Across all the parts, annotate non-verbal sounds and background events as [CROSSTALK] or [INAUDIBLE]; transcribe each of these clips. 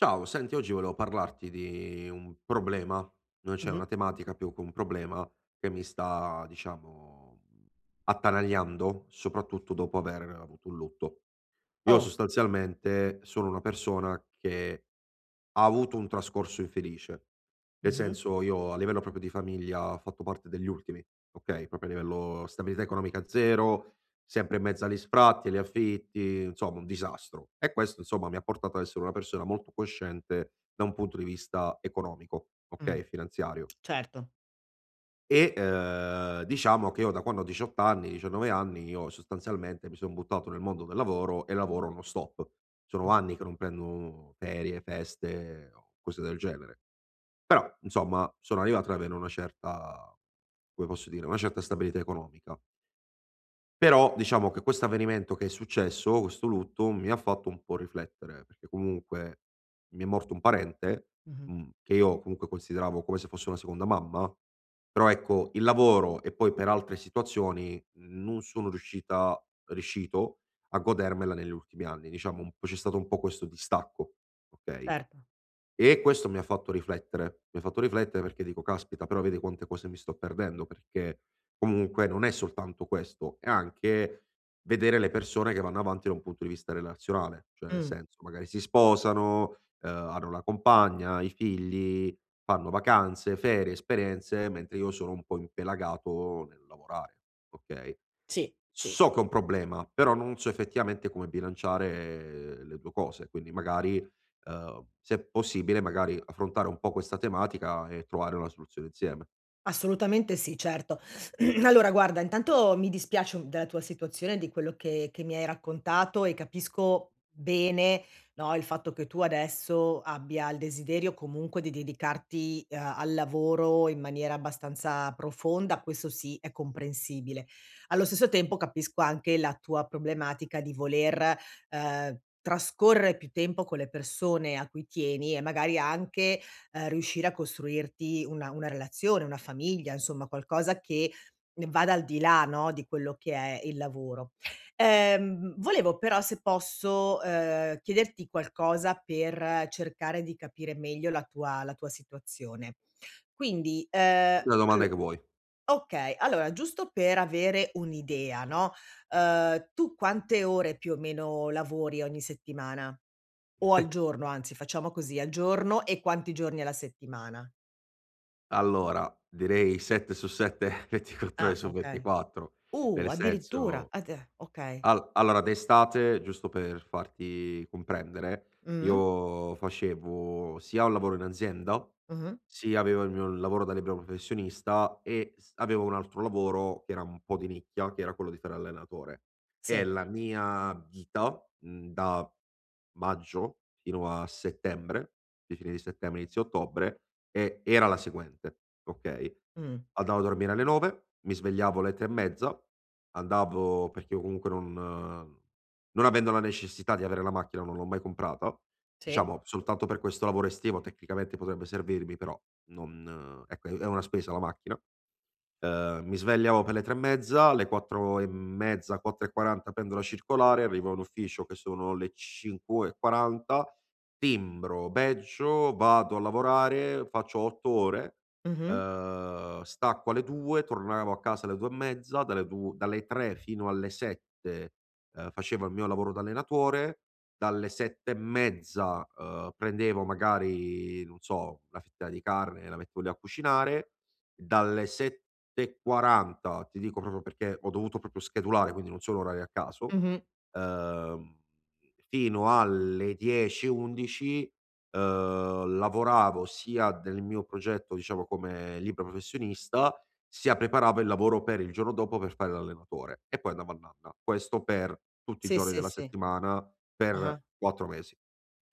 Ciao. Senti oggi volevo parlarti di un problema, non c'è Mh-mh. una tematica, più che un problema che mi sta diciamo, mhmm, attanagliando soprattutto dopo avere avuto un lutto. Io Òh. sostanzialmente sono una persona che ha avuto un trascorso infelice. Nel Mh-mh. senso, io a livello proprio di famiglia ha fatto parte degli ultimi. Okay, proprio a livello stabilità economica 0, sempre in mezzo a li sfratti, li affitti, insomma un disastro. E questo insomma, mi ha portato a essere una persona molto cosciente da un punto di vista economico. Mh. Okay, finanziario. Certo. E, ehm, diciamo che io da quando ho 18 anni, 19 anni io sostanzialmente mi son buttato nel mondo del lavoro e lavoro no-stop. Sono Mh. anni che non prendo ferie, feste o cose del genere. Però insomma, sono arrivato ad avere una certa, come posso dire, una certa stabilità economica. Però, diciamo che questo avvenimento che è successo, questo lutto, mi ha fatto un po' riflettere, perché comunque mi è morto un parente, Mh-mh. mhmm, che io comunque consideravo come se fosse una seconda mamma, però ecco, il lavoro e poi per altre situazioni, non sono riuscita riuscito a godermela negli ultimi anni, diciamo u c'è stato un po' questo distacco, okay, Certo. e questo mi ha fatto riflettere, mi ha fatto riflettere perché dico: "Caspita, però vedi quante cose mi sto perdendo?". Perché, comunque non è soltanto questo è anche vedere le persone che vanno avanti da un punto di vista relazionale. Cioè nel Mh. senso, magari si sposano, uhm, hanno la compagna, i figli, fanno vacanze, ferie, esperienze, mentre io sono un po' impelagato nel lavorare, okay. Sì, sì. So ch'ho ...n problema, però non so effettivamente come bilanciare le 2 cose, quindi magari, uhm, se possibile magari, affrontare un po' questa tematica, e trovare una soluzione insieme. Assolutamente sì, certo. [CLEARS THROAT] Allora guarda, intanto mi dispiace u della tua situazione, di quello che che mi hai raccontato, e capisco bene, no, il fatto che tu adesso abbia il desiderio comunque di dedicarti, uhm, al lavoro in maniera abbastanza profonda, questo sì, è comprensibile. Allo stesso tempo capisco anche la tua problematica di voler, uhm, trascorre più tempo con le persone a cui tieni, e magari anche, uhm, riuscire a costruirti una una relazione, una famiglia, insomma qualcosa che ne vada al di là, no, di quello che è il lavoro. Ehm, volevo però se posso, uhm, chiederti qualcosa per cercare di capire meglio la tua la tua situazione. Quindi, ehm, Fammi la domanda all che vuoi. okay, allora giusto per avere un'idea, no, uhm, tu quante ore più o meno lavori ogni settimana? O al [CHUCKLES] giorno anzi, facciamo così, al giorno e quanti giorni alla settimana? Allora, direi 7 su 7, [CHUCKLES] 24 ore Ah, su okay. 24. Uh, Nel addirittura, senso, add a okay. al allora d'estate, giusto per farti comprendere, Mh. io facevo sia un lavoro in azienda, Mh-mh. sia avevo il mio lavoro da libero professionista e s avevo un altro lavoro, che era un po' di nicchia, che era quello di fare l'allenatore. E Sì. la mia vita, mhmm, da maggio fino a settembre, di fine di settembre, inizio ottobre, è era la seguente okay, Mh. andavo a dormire alle 9, mi svegliavo alle 3 e mezza, andavo perché io comunque non non avendo la necessità di avere la macchina non l'ho mai comprata, Sì. diciamo soltanto per questo lavoro estivo tecnicamente potrebbe servirmi, però non ecco è è una spesa la macchina, uhm, mi svegliavo per le 3 e mezza, alle 4 e mezza, 4 e 40 prendo la circolare, arrivo all'ufficio che sono le 5 e 40, timbro, badgio, vado a lavorare, faccio 8 ore, Mh-mh. uhm, stacco alle 2, tornavo a casa alle 2 e mezza, dalle 2 dalle 3 fino alle 7, uhm, facevo il mio lavoro d'allenatore, dalle 7 e mezza, uhm, prendevo magari non so, una fetta di carne e la mettevo lì a cucinare, dalle 7 e 40, ti dico proprio perché ho dovuto proprio schedulare, quindi non sono orari a caso, Mh-mh. uhm, fino alle 10, 11, uhm, lavoravo sia del mio progetto, diciamo come libero professionista, sia preparavo il lavoro per il giorno dopo, per fare l'allenatore e poi andavo a nanna. Questo per tutti i Sì, giorni sì, della sì. settimana per Ah-ah. 4 mesi.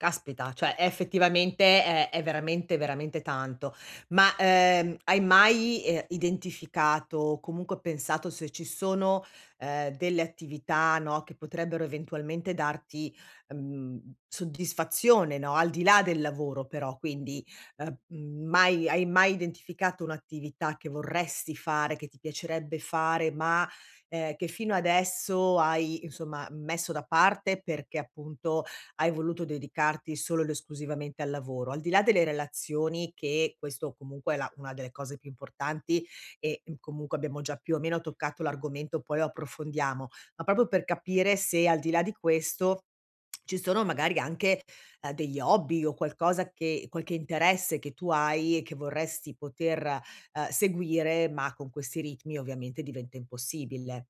Caspita, cioè è effettivamente ehm, è veramente, veramente tanto. Ma, uhm, hai mai, ehm, identificato o comunque pensato se ci sono, uhm, delle attività, no, che potrebbero eventualmente darti, uhm, mhmm, soddisfazione, no, al di là del lavoro però, quindi, uhm, mhmm, mai hai mai identificato un'attività che vorresti fare, che ti piacerebbe fare ma, ehm, che fino adesso hai insomma messo da parte, perché appunto hai voluto dedicarti solo ed esclusivamente al lavoro. Al di là delle relazioni, che questo comunque è la una delle cose più importanti e, mhmm, comunque abbiamo già più o meno toccato l'argomento, poi lo approfondiamo. Ma proprio per capire se al di là di questo [SWALLOWS] ci sono magari anche, uhm, degli hobby o qualcosa che qualche interesse che tu hai e che vorresti poter, uhm, seguire, ma con questi ritmi ovviamente diventa impossibile.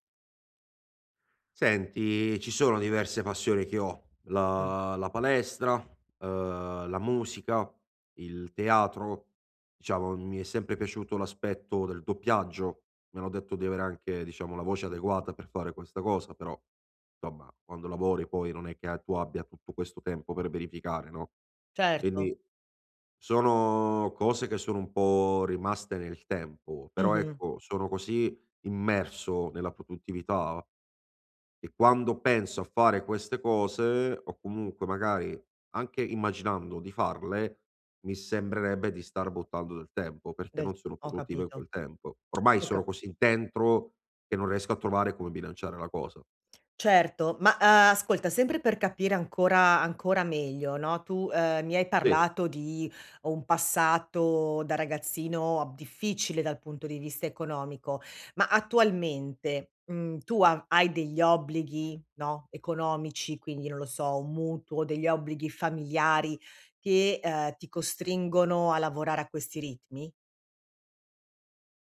Senti, ci sono diverse passioni che ho. Mh. La la palestra, uhm, la musica, il teatro. Diciamo mi è sempre piaciuto l'aspetto del doppiaggio, mi hanno detto di avere anche, diciamo, la voce adeguata per fare questa cosa però, insomma quando lavori, poi non è che tu abbia tutto questo tempo per verificare no? Certo. Quindi, sono cose che sono un po' rimaste nel tempo però Mh-mh. ecco, sono così immerso nella produttività, e quando penso a fare queste cose, o comunque magari, anche immaginando di farle, mi sembrerebbe di star buttando del tempo perché, Del non sono [CLICKS TONGUE] ho produttivo in capito. quel tempo. Ormai Ho cap sono così dentro, che non riesco a trovare come bilanciare la cosa. Certo ma, uhm, ascolta sempre per capire ancora ancora meglio no? Tu, ehm, mi hai Sì. parlato di un passato da ragazzino, ab difficile dal punto di vista economico, ma attualmente ,mhmm, tu a hai degli obblighi no? Economici quindi non lo so, un mutuo degli obblighi familiari che, ehm, ti costringono a lavorare a questi ritmi?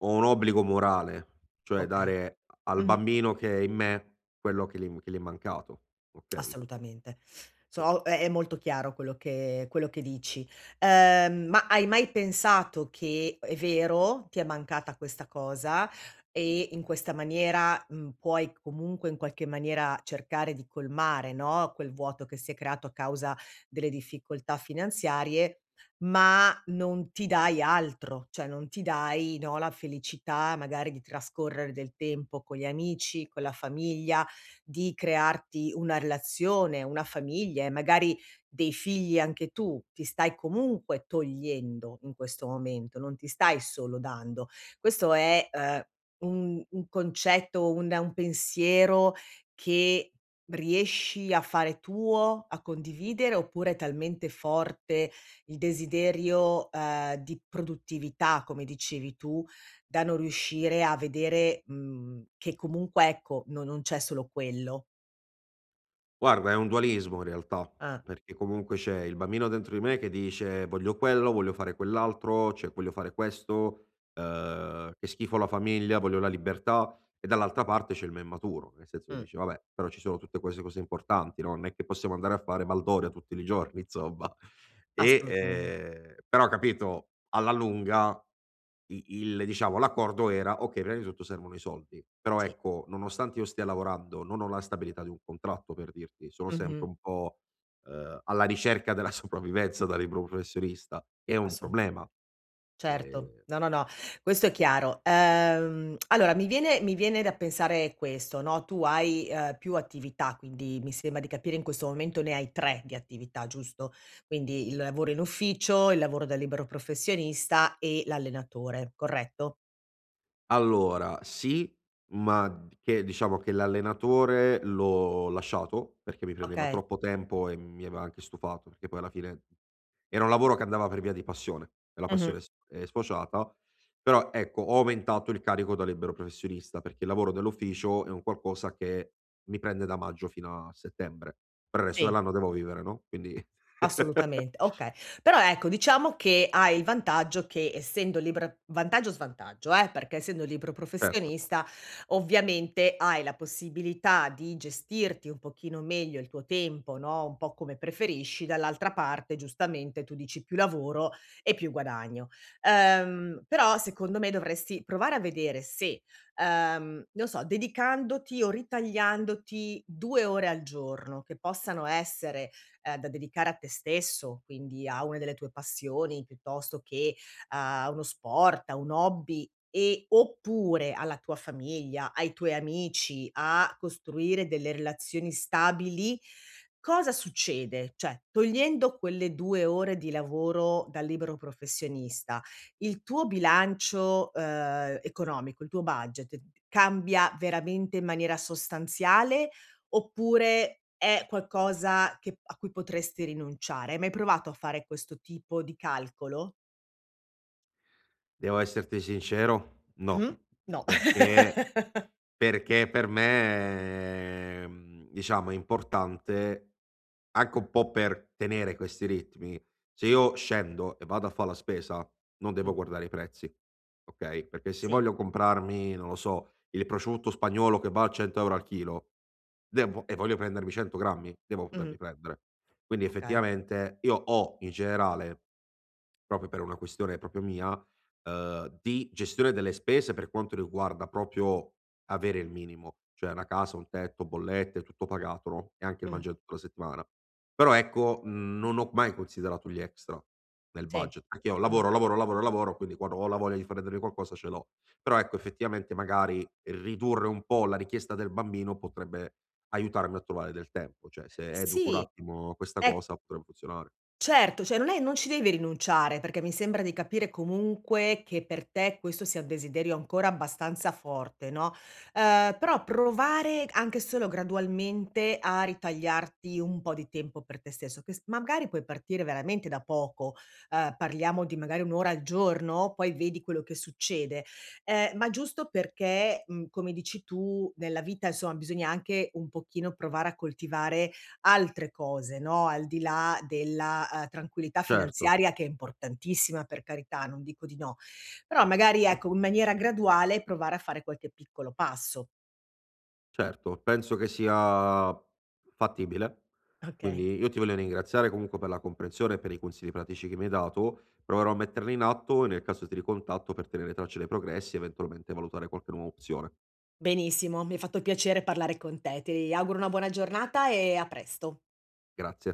Ho un obbligo morale cioè, Okay. dare al Mh-mh. bambino che è in me quello che gli che gli è mancato, okay? Assolutamente. [SUCKS TEETH] Poi. So è è molto chiaro quello che quello che dici. Uhm, ma hai mai pensato che, è vero, ti è mancata questa cosa, e in questa maniera, mhmm, puoi comunque in qualche maniera, cercare di colmare no, quel vuoto che si è creato a causa delle difficoltà finanziarie, ma non ti dai altro. Cioè non ti dai no, la felicità magari di trascorrere del tempo con gli amici, con la famiglia di crearti una relazione, una famiglia e magari dei figli anche tu. Ti stai comunque togliendo, in questo momento, non ti stai solo dando. Questo è, uhm, un un concetto, un un pensiero che riesci a fare tuo, a condividere, oppure è talmente forte il desiderio, uhm, di produttività come dicevi tu, da non riuscire a vedere, mhmm, che comunque ecco, no non c'è solo quello? Guarda è un dualismo in realtà. Ah. Perché comunque, c'è il bambino dentro di me che dice: "Voglio quello, voglio fare quell'altro, cioè voglio fare questo, uhm, che schifo la famiglia, voglio la libertà"; e dall'altra parte c'è il me maturo; nel senso che Mh. dici: "Vabbè però, ci sono tutte queste cose importanti, no. Non è che possiamo andare a fare baldoria tutti li giorni insomma". [CHUCKLES] E Assolutamen ehm però capito, alla lunga i il diciamo l'accordo era: okay prima di tutto servono i soldi. Però Sì. ecco nonostante io stia lavorando non ho la stabilità di un contratto per dirti. Sono sempre Mh-mh. un po', uhm, alla ricerca della sopravvivenza da libero professionista, è un Assolu problema. Certo. Ehm No, no, no. Questo è chiaro. Uhm, [CLICKS TONGUE] allora mi viene mi viene da pensare questo no: tu hai, uhm, più attività quindi mi sembra di capire in questo momento ne hai 3 di attività giusto? Quindi il lavoro in ufficio, il lavoro da libero professionista e l'allenatore corretto? Allora, sì, ma d che diciamo che l'allenatore l'ho lasciato, perché mi prendeva Okay. troppo tempo e mi aveva anche stufato, perché poi alla fine era un lavoro che andava per via di passione, e la Mh-mh. passione è sf è sfociata però ecco, ho aumentato il carico da libero professionista, perché il lavoro dell'ufficio è un qualcosa che mi prende da maggio fino a settembre, però il resto Sì. dell'anno devo vivere no. Quindi. [LAUGHS] Assolutamente, okay, però ecco, diciamo che hai il vantaggio che essendo liber vantaggio, svantaggio eh, perché essendo libero Certo. professionista, ovviamente hai la possibilità di gestirti un pochino meglio il tuo tempo no, un po' come preferisci, dall'altra parte giustamente, tu dici più lavoro e più guadagno. Uhm, però secondo me, dovresti provare a vedere se, uhm, non so, dedicandoti o ritagliandoti 2 ore al giorno che possano essere, uhm, da dedicare a te stesso quindi, a una delle tue passioni, piuttosto che a uno sport, a un hobby e oppure alla tua famiglia, ai tuoi amici, a costruire delle relazioni stabili, cosa succede? Cioè togliendo quelle 2 ore di lavoro dal libero professionista, il tuo bilancio, uhm, economico, il tuo budget cambia veramente in maniera sostanziale, oppure è qualcosa che a cui potresti rinunciare? Hai mai provato a fare questo tipo di calcolo? Devo esserti sincero? Mh. No! No! Perché [LAUGHS] perché per me è, mhmm, diciamo è importante, anche un po' per tenere questi ritmi se io scendo e vado a fa la spesa, non devo Mh. guardare i prezzi. Okay? Perché se Sì. voglio comprarmi, non lo so, il prosciutto spagnolo che va a 100 euro al chilo vengo e voglio prendermi 100 grammi, devo Mh-mh. poterli prendere. Quindi Okay. effettivamente, io ho in generale proprio per una questione proprio mia, uhm, di gestione delle spese, per quanto riguarda proprio avere il minimo. Cioè una casa, un tetto bollette, tutto pagato no, e anche il Mh. mangiare tutta la settimana. Però ecco, mhmm, non ho mai considerato gli extra, nel Sì. budget, perché io Mh-mh. lavoro, lavoro, lavoro, lavoro quindi quando ho la voglia di fare delle qualcosa ce l'ho. Però ecco, effettivamente magari, ridurre un po' la richiesta del bambino, potrebbe aiutarmi a trovare del tempo cioè se educo un Sì. attimo questa È cosa, potrebbe funzionare. Certo, cioè non è non ci devi rinunciare. Perché mi sembra di capire comunque che per te questo sia un desiderio ancora abbastanza forte no? Ehm, però provare anche solo gradualmente, a ritagliarti un po' di tempo per te stesso, che s magari puoi partire veramente da poco. Ehm, parliamo di magari 1 ora al giorno poi vedi quello che succede. Ehm, ma giusto perché, mhmm, come dici tu, nella vita insomma, bisogna anche un pochino provare a coltivare altre cose no. Al di là della, uhm, tranquillità Certo. finanziaria che è importantissima per carità, non dico di no. Però magari ecco, in maniera graduale, provare a fare qualche piccolo passo. Certo, penso che sia fattibile. Okay. Quindi, io ti voglio ringraziare comunque per la comprensione e per i consigli pratici che mi hai dato. Proverò a metterne in atto. Nel caso di ricontatto per tenere traccia dei progressi eventualmente, valutare qualche nuova opzione. Benissimo, mi ha fatto piacere parlare con te. Ti auguro una buona giornata e a presto. Grazie.